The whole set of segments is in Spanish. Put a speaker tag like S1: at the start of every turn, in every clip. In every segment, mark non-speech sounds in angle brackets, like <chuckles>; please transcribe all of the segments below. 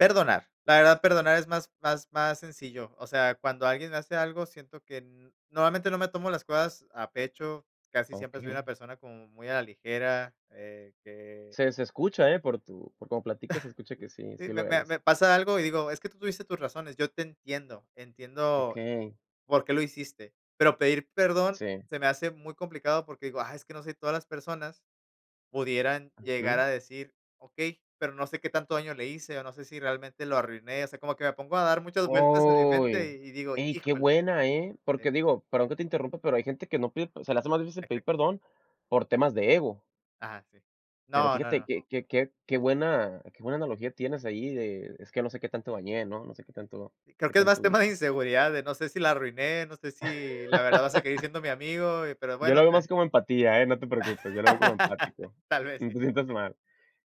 S1: Perdonar, la verdad, perdonar es más más más sencillo, o sea, cuando alguien hace algo, siento que normalmente no me tomo las cosas a pecho, casi siempre soy una
S2: Okey.
S1: persona como muy a la ligera, eh, que
S2: Se se escucha, ¿eh?, por tu por como platicas se escucha que
S1: <chuckles>
S2: sí,
S1: Sí,
S2: sí
S1: me
S2: lo
S1: me
S2: eres.
S1: me pasa algo y digo: "Es que tú tuviste tus razones, yo te entiendo, entiendo
S2: Okey.
S1: por qué lo hiciste", pero pedir perdón
S2: Sí.
S1: se me hace muy complicado porque digo: "Ah, es que no sé si todas las personas pudieran llegar
S2: Ujú.
S1: a decir: 'Okey', pero no sé qué tanto daño le hice o no sé si realmente lo arruiné", o sea, como que me pongo a dar muchas vueltas en mi mente
S2: Uy,
S1: y y digo:
S2: ey qué
S1: "Híjole".
S2: buena, ¿eh? Porque digo, perdón que te interrumpa, pero hay gente que no pide se le hace más difícil
S1: <unintelligible>
S2: pedir perdón por temas de ego.
S1: Ajá, sí.
S2: Pero
S1: No, no,
S2: fíjate
S1: no.
S2: que que que qué buena qué buena analogía tienes ahí de: "Es que no sé qué tanto dañé", ¿no?, "No sé qué tanto
S1: Creo
S2: qué
S1: que es más
S2: tanto
S1: tema de
S2: hice".
S1: inseguridad, de "No sé si la arruiné, no sé si la verdad va a seguir
S2: <laughs>
S1: siendo mi amigo", pero
S2: Yo lo
S1: bueno,
S2: veo más
S1: te
S2: como empatía, ¿eh?, no te preocupes, yo lo veo como
S1: <chuckles>
S2: empático,
S1: Tal vez
S2: no
S1: sí,
S2: te
S1: tal vez
S2: sientas
S1: sí.
S2: mal.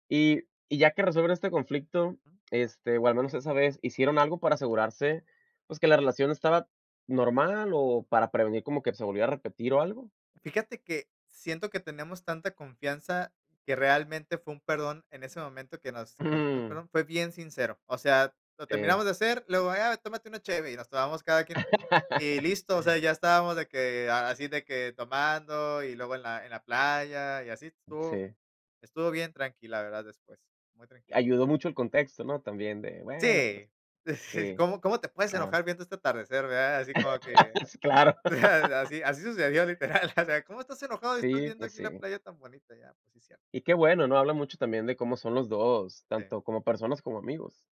S2: Y y ya que resuelven este conflicto, este, o al menos esa vez, ¿hicieron algo para asegurarse, pues que la relación estaba normal o para prevenir como que se volviera a repetir o algo?
S1: Fíjate que siento que tenemos tanta confianza que realmente fue un perdón, en ese momento que nos que nos dijimos
S2: Mm.
S1: perdón, fue bien sincero, o sea, lo
S2: Sí.
S1: terminamos de hacer, luego, "Ah, tómate una cheve", y nos tomamos cada quien un y
S2: <chuckles>
S1: listo, o sea, ya estábamos de que, así de que tomando y luego en la en la playa y así, estuvo
S2: Sí.
S1: estuvo bien tranqui la verdad después, muy tranqui.
S2: Ayudó mucho el contexto, ¿no?, también de: "Bueno, pues".
S1: Sí, <chuckles>
S2: Sí,
S1: "¿Cómo cómo te puedes
S2: ah.
S1: enojar viendo este atardecer, verdad?", así como que
S2: <laughs> Claro.
S1: así, así sucedió, literal, o sea, "¿Cómo estás enojado y estás
S2: Sí,
S1: viendo
S2: pues
S1: aquí la
S2: sí.
S1: playa tan bonita?", ya, pues sí es cierto.
S2: Y qué bueno, ¿no?, habla mucho también de cómo son los 2,
S1: Sí.
S2: tanto como personas como amigos.